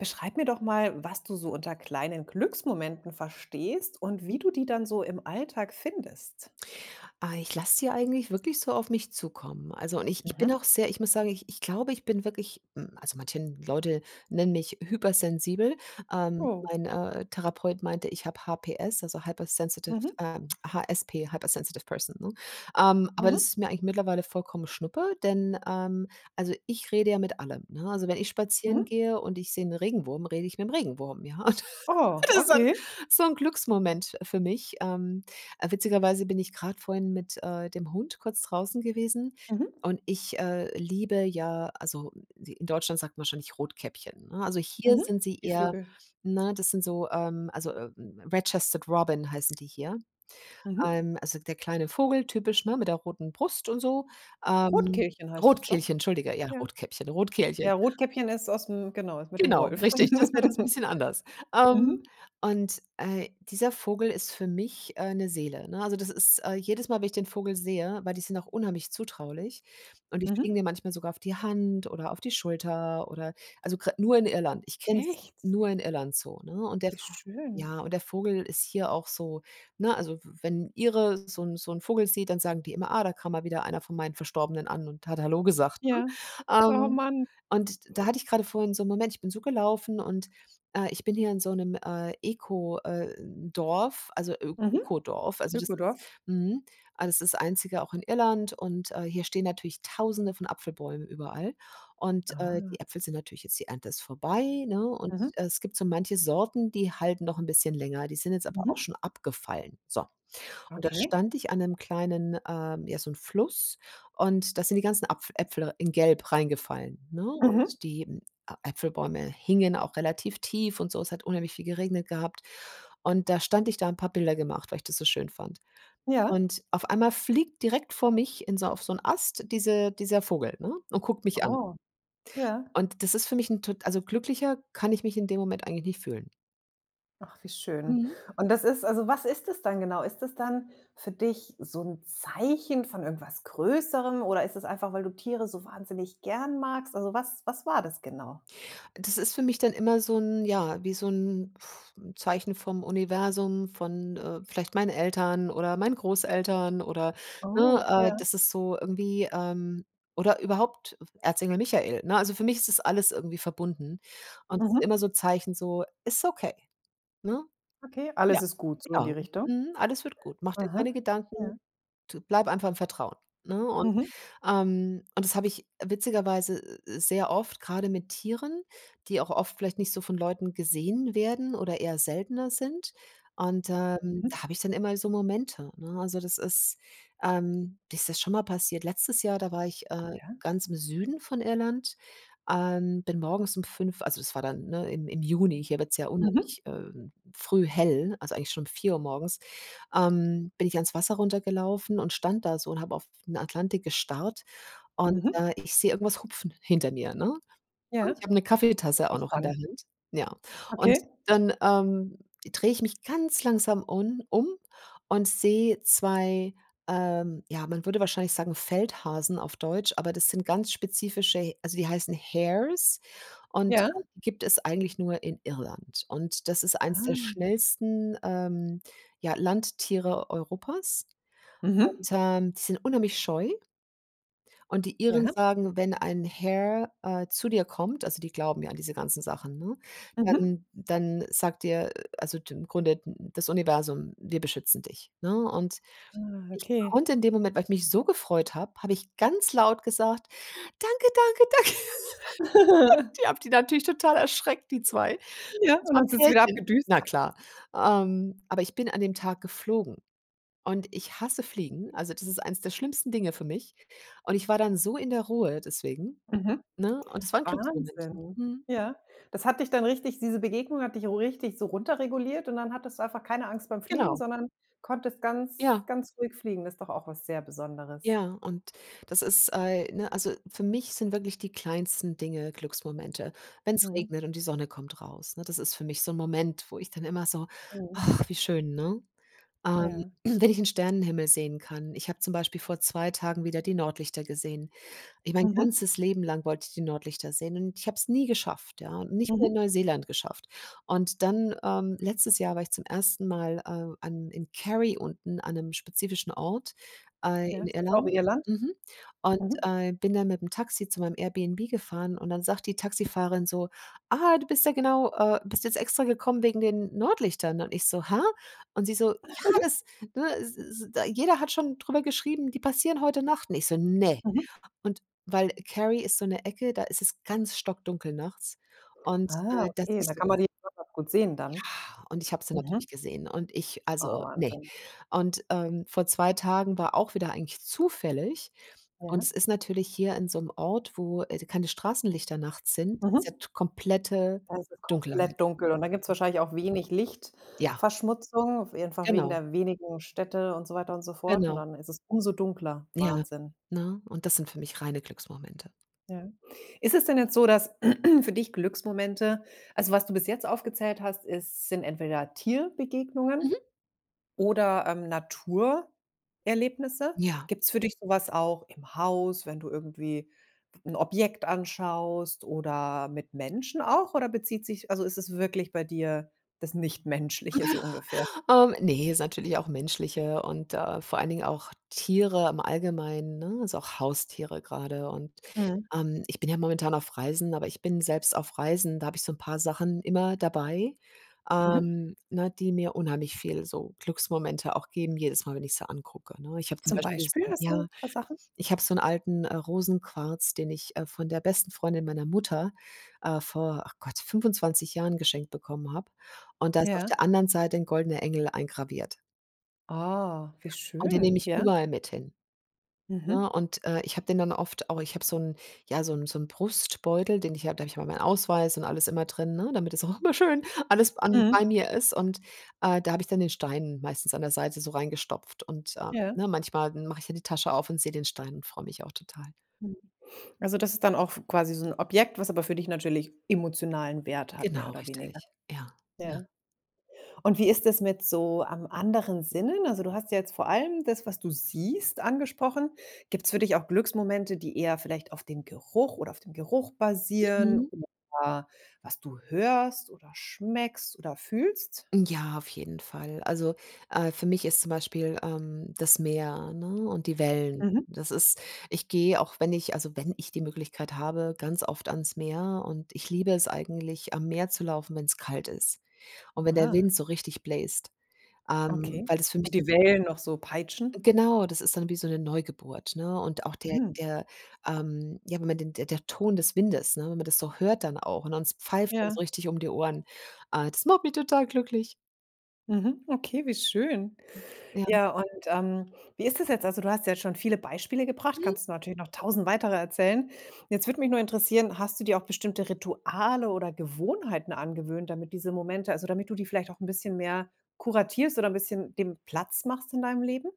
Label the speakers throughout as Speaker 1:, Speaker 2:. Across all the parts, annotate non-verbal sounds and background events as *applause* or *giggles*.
Speaker 1: Beschreib mir doch mal, was du so unter kleinen Glücksmomenten verstehst und
Speaker 2: Mhm.
Speaker 1: wie du die dann so im Alltag findest.
Speaker 2: Ah, ich lass sie eigentlich wirklich so auf mich zukommen. Also und ich ich bin
Speaker 1: Mhm.
Speaker 2: auch sehr ich muss sagen, ich ich glaube, ich bin wirklich hm, also manchen Leute nennen mich hypersensibel. Ähm,
Speaker 1: Oh.
Speaker 2: mein, äh, mein, äh, Therapeut meinte, ich hab HPS, also hypersensitive
Speaker 1: Mhm.
Speaker 2: ähm, HSP, hyper sensitive person, ne? Ähm, aber
Speaker 1: Mhm.
Speaker 2: das ist mir eigentlich mittlerweile vollkommen schnuppe, denn, ähm, also ich rede ja mit allem, ne? Also, wenn ich spazieren
Speaker 1: Mhm.
Speaker 2: gehe und ich sehe 'n Regenwurm, rede ich mit'm Regenwurm, ja. *laughs*
Speaker 1: Oh,
Speaker 2: Das so 'n
Speaker 1: okay.
Speaker 2: so 'n, Glücksmoment für mich. Ähm, äh, witzigerweise bin ich grad vorhin mit, äh, dem Hund kurz draußen gewesen
Speaker 1: Mhm.
Speaker 2: und ich, äh, liebe ja, also d in Deutschland sagt man wahrscheinlich Rotkäppchen, ne? Also hier
Speaker 1: Mhm.
Speaker 2: sind sie
Speaker 1: Die
Speaker 2: eherm
Speaker 1: Vögel.
Speaker 2: ne? Das sind so, ähm, also, „Red-Chested-Robin“, heißen die hier.
Speaker 1: Mhm.
Speaker 2: Ähm, also der kleine Vogel, typisch, ne? Mit der roten Brust und so. Ähm,
Speaker 1: Rotkehlchen heißt das doch.
Speaker 2: Rotkehlchen, entschuldige, ja,
Speaker 1: Ja.
Speaker 2: Rotkäppchen, Rotkehlchen.
Speaker 1: Ja, Rotkäppchen ist ausm genau, ist mit dem
Speaker 2: Genau,
Speaker 1: Wolf.
Speaker 2: richtig, das wär das 'n
Speaker 1: *laughs*
Speaker 2: bisschen anders. Ähm,
Speaker 1: Mhm.
Speaker 2: und, äh, dieser Vogel ist für mich, äh, 'ne Seele, ne? Also das ist äh, jedes Mal, wenn ich den Vogel sehe weil die sind auch unheimlich zutraulich und die
Speaker 1: Mhm.
Speaker 2: fliegen dir manchmal sogar auf die Hand oder auf die Schulter oder also gra nur in Irland, ich kenne es
Speaker 1: Echt?
Speaker 2: nur in Irland so, ne? Und der
Speaker 1: Wie schön.
Speaker 2: ja, und der Vogel ist hier auch so ne? Also w wenn 'n Ire so 'n so 'n Vogel sieht, dann sagen die immer: „Ah, da kann mal wieder einer von meinen Verstorbenen an und hat hallo gesagt“, ne?
Speaker 1: Ja. Oh
Speaker 2: Ähm,
Speaker 1: man.
Speaker 2: und da hatte ich grade vorhin so 'n Moment, ich bin so gelaufen und, äh, ich bin hier in so 'nem, äh, Eko äh, Dorf, also
Speaker 1: Mhm.
Speaker 2: Öko-Dorf, also das ist
Speaker 1: Ökodorf.
Speaker 2: mhm, also es ist einzige auch in Irland und, äh, hier stehen natürlich tausende von Apfelbäumen überall und, äh,
Speaker 1: Ah.
Speaker 2: die Äpfel sind natürlich jetzt die Ernte ist vorbei ne? Und
Speaker 1: Mhm.
Speaker 2: es gibt so manche Sorten die halten noch 'n bisschen länger die sind jetzt aber auch
Speaker 1: Mhm.
Speaker 2: schon abgefallen, so. Und da
Speaker 1: Okay.
Speaker 2: stand ich an 'nem kleinen, ähm ja so 'n Fluss und da sind die ganzen Apfel Äpfel in gelb reingefallen, ne?
Speaker 1: Mhm.
Speaker 2: Und die A Apfelbäume hingen auch relativ tief und so. Es hat unheimlich viel geregnet gehabt. Und da stand ich da habe Bilder gemacht, weil ich das so schön fand.
Speaker 1: Ja
Speaker 2: Und auf einmal fliegt direkt vor mich in so auf so 'n Ast diese dieser Vogel, ne? Und guckt mich an.
Speaker 1: Oh, ja.
Speaker 2: Und das ist für mich 'n tot also glücklicher kann ich mich in dem Moment eigentlich nicht fühlen.
Speaker 1: Ach, wie schön.
Speaker 2: Mhm.
Speaker 1: Und das ist also, was ist das dann genau? Ist das dann für dich so 'n Zeichen von irgendwas Größerem oder ist das einfach, weil du Tiere so wahnsinnig gern magst? Also, was was war das genau?
Speaker 2: Das ist für mich dann immer so 'n ja, wie so 'n *blows air* Zeichen vom Universum, von, äh, vielleicht meinen Eltern oder meinen Großeltern oder, ne,
Speaker 1: Oh
Speaker 2: äh
Speaker 1: ja.
Speaker 2: das ist so irgendwie, ähm oder überhaupt Erzengel Michael, ne? Also, für mich ist das alles irgendwie verbunden und immer
Speaker 1: Mhm.
Speaker 2: so Zeichen so: „Ist okay“, ne?
Speaker 1: Okay, alles
Speaker 2: Ja.
Speaker 1: ist gut, so in die
Speaker 2: Genau.
Speaker 1: Richtung.
Speaker 2: Mhm. Alles wird gut. Mach dir
Speaker 1: Aha.
Speaker 2: keine
Speaker 1: Ja.
Speaker 2: Gedanken. T bleibe einfach im Vertrauen, ne? Und,
Speaker 1: Mhm.
Speaker 2: ähm und das habe ich witzigerweise s s sehr oft grade mit Tieren, die auch oft vielleicht nicht so von Leuten gesehen werden oder eher seltener sind. Und, ähm,
Speaker 1: Mhm.
Speaker 2: da habe ich dann immer so Momente, ne? Also, das ist, ähm mir ist das ist schon mal passiert. Letztes Jahr, da war ich, äh,
Speaker 1: Ja.
Speaker 2: ganz im Süden von Irland, ähm, bin morgens um 05:00 also, das war dann ne, im im Juni, hier wird es ja
Speaker 1: Mhm.
Speaker 2: unheimlich, ähm, früh hell, also, eigentlich schon um 04:00 morgens ähm, bin ich ans Wasser runtergelaufen und stand da so und habe auf den Atlantik gestarrt und,
Speaker 1: Mhm.
Speaker 2: äh, ich sehe irgendwas hupfen hinter mir, ne?
Speaker 1: Ja.
Speaker 2: Und ich habe 'ne
Speaker 1: Ich bin
Speaker 2: Kaffeetasse auch noch in der
Speaker 1: gespannt.
Speaker 2: Hand, ja. Und
Speaker 1: Okay?
Speaker 2: dann, ähm, drehe ich mich ganz langsam un um und sehe 2, ähm ja, man würde wahrscheinlich sagen Feldhasen auf Deutsch, aber das sind ganz spezifische He also, die heißen Hares und
Speaker 1: Ja.
Speaker 2: gibt es eigentlich nur in Irland. Und das ist eines der
Speaker 1: Ah.
Speaker 2: schnellsten, ähm, ja, Landtiere Europas
Speaker 1: Mhm.
Speaker 2: und, ähm, die sind unheimlich scheu. Und die Iren
Speaker 1: Ja.
Speaker 2: sagen, wenn ein Hare, äh, zu dir kommt also, die glauben ja an diese ganzen Sachen, ne?
Speaker 1: Mhm.
Speaker 2: Dann dann sagt dir also d im Grunde das Universum: „Wir beschützen dich“, ne? Und
Speaker 1: Ah.
Speaker 2: ich
Speaker 1: Okay.
Speaker 2: konnte in dem Moment weil ich mich so gefreut habe, habe ich ganz laut gesagt, danke, danke, danke. *chuckles*
Speaker 1: *chuckles*
Speaker 2: Die habe die natürlich total erschreckt, die 2.
Speaker 1: Ja,
Speaker 2: Das
Speaker 1: und
Speaker 2: war
Speaker 1: dann
Speaker 2: 'n
Speaker 1: sind sie wieder
Speaker 2: Pärchen.
Speaker 1: abgedüst?
Speaker 2: Na klar. Ähm, aber ich bin an dem Tag geflogen und ich hasse fliegen. Also, das ist eines der schlimmsten Dinge für mich. Und ich war dann so in der Ruhe deswegen,
Speaker 1: Mhm.
Speaker 2: ne, und es war 'n Glücksmoment.
Speaker 1: Wahnsinn,
Speaker 2: Mhm.
Speaker 1: ja. Das hat dich dann richtig diese Begegnung hat dich richtig so runterreguliert und dann hattest du einfach keine Angst beim Fliegen,
Speaker 2: Genau.
Speaker 1: sondern konntest ganz
Speaker 2: Ja.
Speaker 1: ganz ruhig fliegen. Das ist doch auch was sehr Besonderes.
Speaker 2: Ja und das ist ei ne, also, für mich sind wirklich die kleinsten Dinge Glücksmomente. Wenn es
Speaker 1: Mhm.
Speaker 2: regnet und die Sonne kommt raus, ne? Das ist für mich so 'n Moment wo ich dann immer so:
Speaker 1: Mhm.
Speaker 2: „Ach wie schön“, ne? Ähm,
Speaker 1: Ja.
Speaker 2: *clears throat* wenn ich in 'n Sternenhimmel sehen kann. Ich habe zum Beispiel vor 2 Tagen wieder die Nordlichter gesehen. Ich mein
Speaker 1: Mhm.
Speaker 2: ganzes Leben lang wollte ich die Nordlichter sehen und ich habe es nie geschafft, ja? Und nicht mal in
Speaker 1: Mhm.
Speaker 2: Neuseeland geschafft. Und dann, ähm, letztes Jahr war ich zum 1. Mal, äh, an in Carry unten an 'nem spezifischen Ort, äh,
Speaker 1: Ja,
Speaker 2: in
Speaker 1: ist das auch
Speaker 2: Irland.
Speaker 1: Irland?
Speaker 2: Mhm. Und,
Speaker 1: Mhm.
Speaker 2: äh, bin dann mit 'm Taxi zu meinem Airbnb gefahren und dann sagt die Taxifahrerin so: „Ah, du bist ja genau, äh bist jetzt extra gekommen wegen den Nordlichtern?“ Und ich so: „Hä?“ Und sie so: „Ja
Speaker 1: *giggles*
Speaker 2: das ne, s s d jeder hat schon drüber geschrieben, die passieren heute Nacht.“ Und ich so: „Ne.“
Speaker 1: Mhm.
Speaker 2: Und weil Carry ist so 'ne Ecke, da ist es ganz stockdunkel nachts und,
Speaker 1: Ah,
Speaker 2: äh, da
Speaker 1: okay, da
Speaker 2: siehst du
Speaker 1: kann
Speaker 2: das.
Speaker 1: man die noch mal gut sehen dann.
Speaker 2: Ja, und ich habe sie natürlich
Speaker 1: Mhm.
Speaker 2: gesehen und ich
Speaker 1: Oh,
Speaker 2: also, ne.
Speaker 1: Wahnsinn.
Speaker 2: Und, ähm, vor 2 Tagen war auch wieder eigentlich zufällig. Und es
Speaker 1: Ja.
Speaker 2: ist natürlich hier in so 'nem Ort, wo, äh, keine Straßenlichter nachts sind, ist ja
Speaker 1: Mhm.
Speaker 2: komplette
Speaker 1: Da ist es
Speaker 2: Dunkelheit.
Speaker 1: komplett dunkel und dann gibt's wahrscheinlich auch wenig
Speaker 2: Ja.
Speaker 1: Lichtverschmutzung, einfach wegen
Speaker 2: Genau.
Speaker 1: der wenigen Städte und so weiter und so fort und
Speaker 2: Genau.
Speaker 1: dann ist es umso dunkler,
Speaker 2: Ja.
Speaker 1: Wahnsinn.
Speaker 2: Ne? Und das sind für mich reine Glücksmomente.
Speaker 1: Ja. Ist es denn jetzt so, dass *clears throat* für dich Glücksmomente also, was du bis jetzt aufgezählt hast, ist sind entweder Tierbegegnungen
Speaker 2: Mhm.
Speaker 1: oder, ähm, Naturerlebnisse.
Speaker 2: Ja.
Speaker 1: Gibt es für dich so was auch im Haus, wenn du irgendwie 'n Objekt anschaust oder mit Menschen auch, oder bezieht sich also, ist es wirklich bei dir das nicht Menschliche so ungefähr?
Speaker 2: *chuckles* Oh, ne, ist natürlich auch Menschliche und, äh, vor allen Dingen auch Tiere im Allgemeinen, ne? Also, auch Haustiere grade. Und,
Speaker 1: Mhm.
Speaker 2: ähm, ich bin ja momentan auf Reisen, aber ich bin selbst auf Reisen da habe ich so 'n paar Sachen immer dabei,
Speaker 1: Mhm.
Speaker 2: ähm, ne, die mir unheimlich viel so Glücksmomente auch geben jedes Mal, wenn ich sie angucke, ne? Ich habe zum
Speaker 1: Zum
Speaker 2: Beispiel
Speaker 1: Beispiel?
Speaker 2: *unintelligible*
Speaker 1: Hast
Speaker 2: ja,
Speaker 1: du paar Sachen?
Speaker 2: ich habe so 'n alten, äh, Rosenquarz, den ich, äh, von der besten Freundin meiner Mutter, äh, vor, ach Gott, 25 Jahren geschenkt bekommen habe und da ist auf
Speaker 1: Ja.
Speaker 2: der anderen Seite 'n goldener Engel eingraviert.
Speaker 1: Oh, wie
Speaker 2: Und den nehme
Speaker 1: schön,
Speaker 2: ich
Speaker 1: ja.
Speaker 2: überall mit hin,
Speaker 1: Mhm.
Speaker 2: ne? Und, äh, ich habe den dann oft auch ich habe so 'n ja, so 'n so 'n Brustbeutel, den ich habe da habe ich immer meinen Ausweis und alles immer drin, ne? Damit das auch immer schön alles an
Speaker 1: Mhm.
Speaker 2: bei mir ist. Und, äh, da habe ich dann den Stein meistens an der Seite so reingestopft und, äh,
Speaker 1: Ja.
Speaker 2: ne, manchmal mache ich ja die Tasche auf und sehe den Stein und freu mich auch total.
Speaker 1: Mhm. Also, das ist dann auch f quasi so 'n Objekt, was aber für dich natürlich emotionalen Wert hat mehr
Speaker 2: Genau,
Speaker 1: oder weniger.
Speaker 2: richtig. Ja, ja.
Speaker 1: Ja. Und wie ist es mit so an anderen Sinnen? Also, du hast ja jetzt vor allem das, was du siehst, angesprochen. Gibt es für dich auch Glücksmomente, die eher vielleicht auf dem Geruch oder auf dem Geruch basieren
Speaker 2: Mhm.
Speaker 1: oder was du hörst oder schmeckst oder fühlst?
Speaker 2: Ja, auf jeden Fall. Also, äh, für mich ist zum Beispiel, ähm, das Meer, ne und die Wellen.
Speaker 1: Mhm.
Speaker 2: Das ist ich gehe auch wenn ich also, wenn ich die Möglichkeit habe, ganz oft ans Meer und ich liebe es eigentlich am Meer zu laufen, wenn es kalt ist und wenn der
Speaker 1: Ah.
Speaker 2: Wind so richtig bläst, ähm,
Speaker 1: Okay.
Speaker 2: weil das für mich
Speaker 1: Und
Speaker 2: dann
Speaker 1: die Wellen noch so peitschen?
Speaker 2: genau das ist dann wie so 'ne Neugeburt, ne? Und auch der
Speaker 1: Hm.
Speaker 2: der, ähm ja, wenn man den der Ton des Windes, ne, wenn man das so hört dann auch und es pfeift dann so
Speaker 1: Ja.
Speaker 2: richtig um die Ohren. Ah, das macht mich total glücklich.
Speaker 1: Mhm, okay, wie schön.
Speaker 2: Ja.
Speaker 1: Ja, und, ähm, wie ist das jetzt? Also, du hast ja jetzt schon viele Beispiele gebracht,
Speaker 2: Hm.
Speaker 1: kannst du natürlich noch 1.000 weitere erzählen. Jetzt würde mich nur interessieren, hast du dir auch bestimmte Rituale oder Gewohnheiten angewöhnt, damit diese Momente also, damit du die vielleicht auch 'n bisschen mehr kuratierst oder 'n bisschen dem Platz machst in deinem Leben?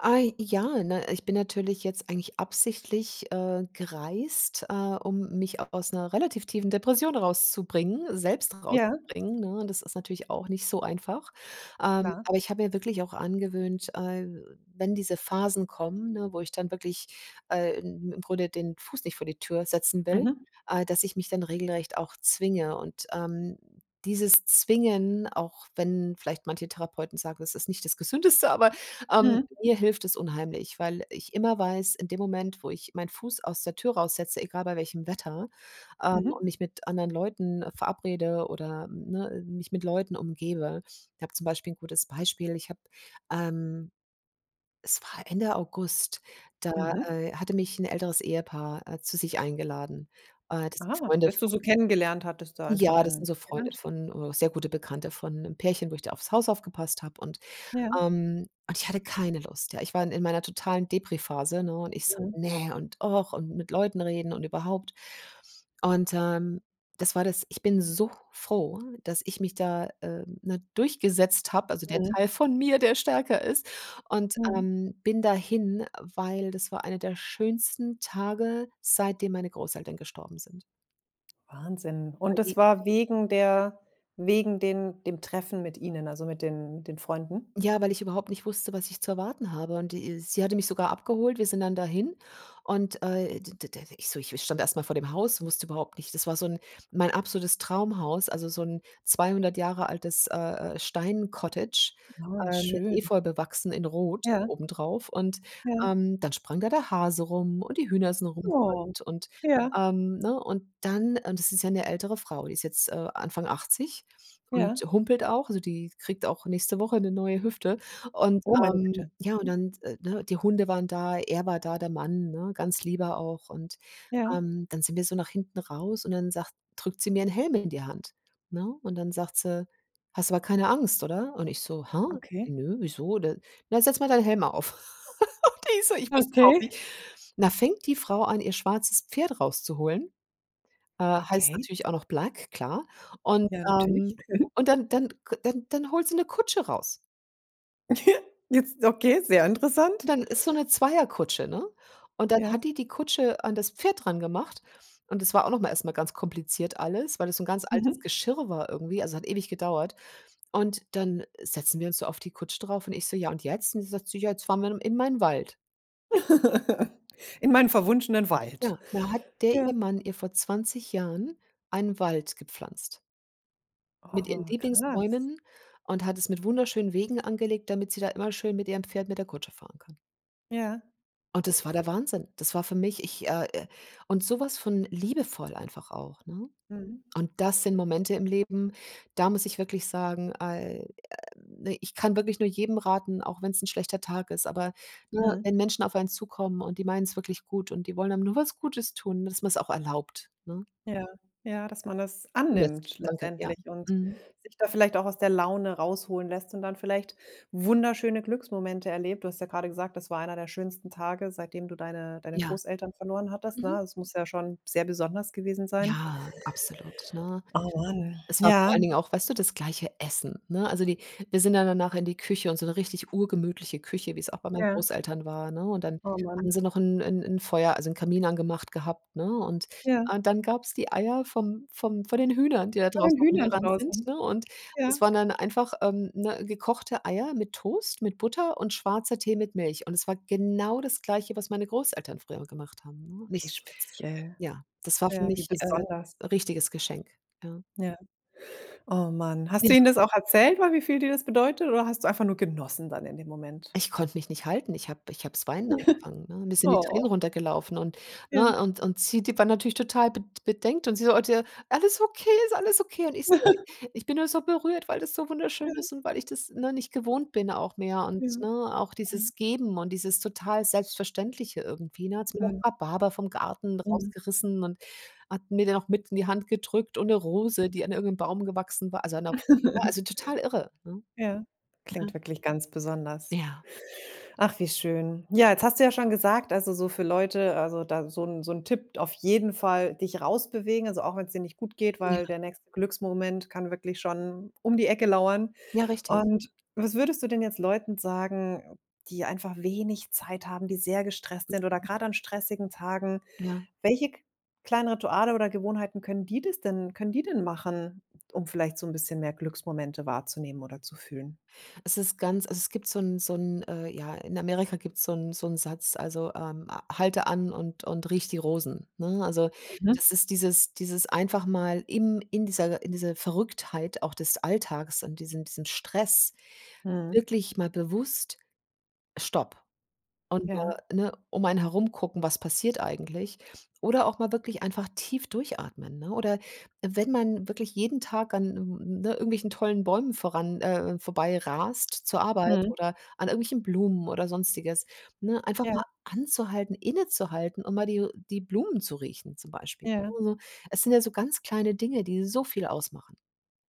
Speaker 2: Ah, ja, ne? Ich bin natürlich jetzt eigentlich absichtlich, äh, gereist, äh, um mich aus 'ner relativ tiefen Depression rauszubringen selbst
Speaker 1: Ja.
Speaker 2: rauszubringen, ne? Und das ist natürlich auch nicht so einfach. Ähm,
Speaker 1: Klar.
Speaker 2: aber ich habe mir wirklich auch angewöhnt, äh, wenn diese Phasen kommen, ne, wo ich dann wirklich, äh, im im Grunde den Fuß nicht vor die Tür setzen will,
Speaker 1: Mhm.
Speaker 2: äh, dass ich mich dann regelrecht auch zwinge und, ähm, dieses Zwingen, auch wenn vielleicht manche Therapeuten sagen, das ist nicht das Gesündeste, aber, ähm,
Speaker 1: Mhm.
Speaker 2: mir hilft es unheimlich, weil ich immer weiß, in dem Moment, wo ich meinen Fuß aus der Tür raussetze, egal bei welchem Wetter, ähm,
Speaker 1: Mhm.
Speaker 2: und mich mit anderen Leuten verabrede oder, ne, mich mit Leuten umgebe ich habe zum Beispiel 'n gutes Beispiel. Ich habe, ähm es war Ende August, da,
Speaker 1: Mhm.
Speaker 2: äh, hatte mich 'n älteres Ehepaar, äh, zu sich eingeladen. Äh, das sind
Speaker 1: Ah.
Speaker 2: Freunde
Speaker 1: Das du
Speaker 2: von
Speaker 1: so kennengelernt hattest da einfach
Speaker 2: ja, das
Speaker 1: in
Speaker 2: sind so Freunde
Speaker 1: Irland?
Speaker 2: von, äh sehr gute Bekannte von 'nem Pärchen, wo ich da aufs Haus aufgepasst habe und,
Speaker 1: Ja.
Speaker 2: ähm und ich hatte keine Lust, ja. Ich war in in meiner totalen Depri-Phase, ne, und ich so:
Speaker 1: Mhm.
Speaker 2: „Ne, und ach, und mit Leuten reden und überhaupt.“ Und, ähm, das war das ich bin so froh, dass ich mich da, äh, ne, durchgesetzt hab, also der
Speaker 1: Mhm.
Speaker 2: Teil von mir, der stärker ist. Und,
Speaker 1: Mhm.
Speaker 2: ähm, bin dahin, weil das war einer der schönsten Tage, seitdem meine Großeltern gestorben sind.
Speaker 1: Wahnsinn. Und
Speaker 2: Weil die
Speaker 1: das war wegen der wegen den dem Treffen mit Ihnen, also, mit den den Freunden?
Speaker 2: Ja, weil ich überhaupt nicht wusste, was ich zu erwarten habe und die sie hatte mich sogar abgeholt. Wir sind dann dahin, und, äh, d d d ich so ich stand erst mal vor dem Haus, wusste überhaupt nicht das war so 'n mein absolutes Traumhaus, also, so 'n 200 Jahre altes, äh, äh, Steincottage,
Speaker 1: Oh
Speaker 2: ähm,
Speaker 1: schön.
Speaker 2: Efeu bewachsen, in Rot
Speaker 1: Ja.
Speaker 2: obendrauf. Und,
Speaker 1: Ja.
Speaker 2: ähm, dann sprang da der Hase rum und die Hühner sind
Speaker 1: Oh,
Speaker 2: rumgerannt und,
Speaker 1: ja.
Speaker 2: ähm, ne? Und dann und das ist ja 'ne ältere Frau, die ist jetzt, äh, Anfang 80 und
Speaker 1: Ja.
Speaker 2: humpelt auch, also, die kriegt auch nächste Woche 'ne neue Hüfte. Und,
Speaker 1: Oh, meine
Speaker 2: ähm
Speaker 1: Güte,
Speaker 2: ja, und
Speaker 1: mhm.
Speaker 2: dann, äh, ne, die Hunde waren da, er war da, der Mann, ne, 'n ganz lieber auch. Und,
Speaker 1: Ja.
Speaker 2: ähm, dann sind wir so nach hinten raus und dann sagt drückt sie mir 'n Helm in die Hand, ne? Und dann sagt sie: „Hast aber keine Angst, oder?“ Und ich so: „Hä,
Speaker 1: Okay.
Speaker 2: nö, wieso denn?“ „Na, setz mal deinen Helm auf.“ *laughs* Und die so ich wusste überhaupt
Speaker 1: Okay.
Speaker 2: nicht da fängt die Frau an, ihr schwarzes Pferd rauszuholen. Äh, heißt
Speaker 1: Okay.
Speaker 2: natürlich auch noch Black, klar. Und,
Speaker 1: Ja, natürlich.
Speaker 2: ähm
Speaker 1: Mhm.
Speaker 2: und dann dann k dann dann holt sie 'ne Kutsche raus.
Speaker 1: *giggles* Jetzt okay, sehr interessant.
Speaker 2: Dann ist so 'ne Zweierkutsche, ne? Und dann
Speaker 1: Ja.
Speaker 2: hat die die Kutsche an das Pferd rangemacht und es war auch noch mal erst mal ganz kompliziert alles, weil es 'n ganz altes
Speaker 1: Mhm.
Speaker 2: Geschirr war irgendwie, also, hat ewig gedauert. Und dann setzen wir uns so auf die Kutsche drauf und ich so: „Ja und jetzt?“ Und sie sagt so: „Ja, jetzt fahren wir dann in mein Wald.“
Speaker 1: *laughs* In meinen verwunschenen Wald.
Speaker 2: Ja, da hat der
Speaker 1: Ja.
Speaker 2: ihr Mann ihr vor 20 Jahren einen Wald gepflanzt. Mit ihren
Speaker 1: Oh, krass.
Speaker 2: Lieblingsbäumen und hat es mit wunderschönen Wegen angelegt, damit sie da immer schön mit ihrem Pferd, mit der Kutsche fahren kann.
Speaker 1: Ja.
Speaker 2: Oh, das war der Wahnsinn. Das war für mich ich, äh, äh und so was von liebevoll einfach auch, ne?
Speaker 1: Mhm.
Speaker 2: Und das sind Momente im Leben, da muss ich wirklich sagen, ai äh, ich kann wirklich nur jedem raten, auch wenn's 'n schlechter Tag ist, aber, ne,
Speaker 1: Mhm.
Speaker 2: wenn Menschen auf einen zukommen und die meinen es wirklich gut und die wollen einem nur was Gutes tun, dass man's auch erlaubt, ne?
Speaker 1: Ja, ja, dass man das
Speaker 2: Zulässt.
Speaker 1: annimmt
Speaker 2: Danke. Ja.
Speaker 1: letztendlich und
Speaker 2: Mhm.
Speaker 1: sich da vielleicht auch aus der Laune rausholen lässt und dann vielleicht wunderschöne Glücksmomente erlebt. Du hast ja grade gesagt: „Das war einer der schönsten Tage, seitdem du deine deine
Speaker 2: Ja.
Speaker 1: Großeltern verloren hattest“,
Speaker 2: Mhm.
Speaker 1: ne? Es muss ja schon sehr besonders gewesen sein.
Speaker 2: Ja, absolut, ne?
Speaker 1: Oh man.
Speaker 2: Es war vor
Speaker 1: Ja.
Speaker 2: allen Dingen auch, weißt du, das gleiche Essen, ne? Also, die wir sind ja danach in die Küche und so 'ne richtig urgemütliche Küche, wie es auch bei meinen
Speaker 1: Ja.
Speaker 2: Großeltern war, ne? Und dann
Speaker 1: Oh
Speaker 2: haben
Speaker 1: man.
Speaker 2: sie noch 'n 'n 'n Feuer also, 'n Kamin angemacht gehabt, ne? Und
Speaker 1: Ja.
Speaker 2: und dann gab es die Eier vom vom von den Hühnern, die da
Speaker 1: Von den
Speaker 2: draußen
Speaker 1: Hühnern
Speaker 2: rumgerannt sind,
Speaker 1: draußen?
Speaker 2: ne, und
Speaker 1: Ja.
Speaker 2: es waren dann einfach, ähm, ne, gekochte Eier mit Toast, mit Butter und schwarzer Tee mit Milch und es war genau das Gleiche, was meine Großeltern früher gemacht haben, ne?
Speaker 1: Wie
Speaker 2: Nicht
Speaker 1: speziell.
Speaker 2: ja, das war für
Speaker 1: Ja, wie
Speaker 2: mich,
Speaker 1: besonders.
Speaker 2: äh, richtiges Geschenk, ja.
Speaker 1: Ja. Oh man, hast du
Speaker 2: Ja.
Speaker 1: ihnen das auch erzählt, weil wie viel dir das bedeutet oder hast du einfach nur genossen dann in dem Moment?
Speaker 2: Ich konnte mich nicht halten. Ich habe ich habe das weinen angefangen,
Speaker 1: *chuckles*
Speaker 2: ne? Mir sind die Tränen
Speaker 1: Oh.
Speaker 2: runtergelaufen und
Speaker 1: Ja.
Speaker 2: ne, und und sie die waren natürlich total bed bedenkt und sie so: „Oh, d äh, alles okay, ist alles okay?“ Und ich so:
Speaker 1: *chuckles*
Speaker 2: „Ich bin nur so berührt, weil das so wunderschön
Speaker 1: Ja.
Speaker 2: ist und weil ich das, ne, nicht gewohnt bin auch mehr“ und,
Speaker 1: Ja.
Speaker 2: ne, auch
Speaker 1: Ja.
Speaker 2: dieses Geben und dieses total Selbstverständliche irgendwie, ne? Da hat sie mir noch
Speaker 1: Mhm.
Speaker 2: Rhabarber vom Garten
Speaker 1: Mhm.
Speaker 2: rausgerissen und hat mir den noch mit in die Hand gedrückt und 'ne Rose, die an irgend 'nem Baum gewachsen war also, an 'ner ne, also,
Speaker 1: *chuckles*
Speaker 2: total irre, ne?
Speaker 1: Ja.
Speaker 2: Ja.
Speaker 1: Klingt wirklich ganz besonders.
Speaker 2: Ja.
Speaker 1: Ach wie schön. Ja, jetzt hast du ja schon gesagt, also, so für Leute also, da so 'n so 'n Tipp auf jeden Fall dich raus bewegen, also, auch wenn es dir nicht gut geht,
Speaker 2: Ja.
Speaker 1: weil der nächste Glücksmoment kann wirklich schon um die Ecke lauern.
Speaker 2: Ja, richtig.
Speaker 1: Und was würdest du denn jetzt Leuten sagen, die einfach wenig Zeit haben, die sehr gestresst sind oder grad an stressigen Tagen.
Speaker 2: Ja.
Speaker 1: Welche k kleinen Rituale oder Gewohnheiten können die das denn können die denn machen, um vielleicht so 'n bisschen mehr Glücksmomente wahrzunehmen oder zu fühlen?
Speaker 2: Es ist ganz also, es gibt so 'n so 'n, äh ja, in Amerika gibt's so 'n so 'n Satz, also, ähm: „Halte an und und rieche die Rosen“, ne? Also,
Speaker 1: Mhm.
Speaker 2: das ist dieses dieses einfach mal im in dieser in dieser Verrücktheit auch des Alltags und diesen diesen Stress
Speaker 1: Mhm.
Speaker 2: wirklich mal bewusst stopp. Und,
Speaker 1: Ja.
Speaker 2: äh, ne, um einen herum gucken, was passiert eigentlich. Oder auch mal wirklich einfach tief durchatmen, ne? Oder wenn man wirklich jeden Tag an n n ne, irgendwelchen tollen Bäumen voran, äh vorbei rast zur Arbeit
Speaker 1: Mhm.
Speaker 2: oder an irgendwelchen Blumen oder Sonstiges, ne, einfach
Speaker 1: Ja.
Speaker 2: mal anzuhalten, innezuhalten und mal die die Blumen zu riechen, zum Beispiel.
Speaker 1: Ja.
Speaker 2: Nur so es sind ja so ganz kleine Dinge, die so viel ausmachen.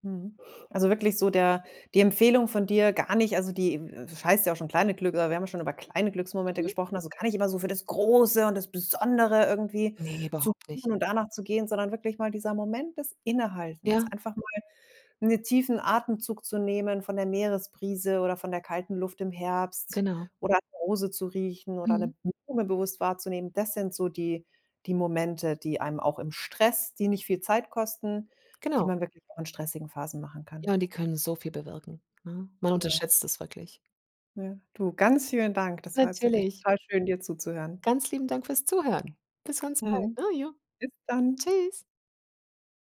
Speaker 1: Mhm. Also, wirklich so der die Empfehlung von dir gar nicht also, die, w es heißt ja auch schon kleine Glück aber wir haben schon über kleine Glücksmomente
Speaker 2: Mhm.
Speaker 1: gesprochen, also, gar nicht immer so für das Große und das Besondere irgendwie
Speaker 2: Ne,
Speaker 1: zu
Speaker 2: überhaupt nicht.
Speaker 1: suchen und danach zu gehen, sondern wirklich mal dieser Moment des Innehaltens,
Speaker 2: Ja.
Speaker 1: einfach mal 'ne tiefen Atemzug zu nehmen von der Meeresbrise oder von der kalten Luft im Herbst
Speaker 2: Genau.
Speaker 1: oder an 'ner Rose zu riechen oder
Speaker 2: Mhm.
Speaker 1: 'ne Blume bewusst wahrzunehmen. Das sind so die die Momente, die einem auch im Stress die nicht viel Zeit kosten, die
Speaker 2: Genau.
Speaker 1: man wirklich auch in stressigen Phasen machen kann.
Speaker 2: Ja, und die können so viel bewirken, ne? Man
Speaker 1: Ja.
Speaker 2: unterschätzt es wirklich.
Speaker 1: Ja, du, ganz vielen Dank. Das war jetzt wirklich
Speaker 2: Natürlich.
Speaker 1: total schön, dir zuzuhören.
Speaker 2: Ganz lieben Dank fürs Zuhören. Bis ganz bald,
Speaker 1: Mhm.
Speaker 2: ne, jo.
Speaker 1: Bis dann.
Speaker 2: Tschüss.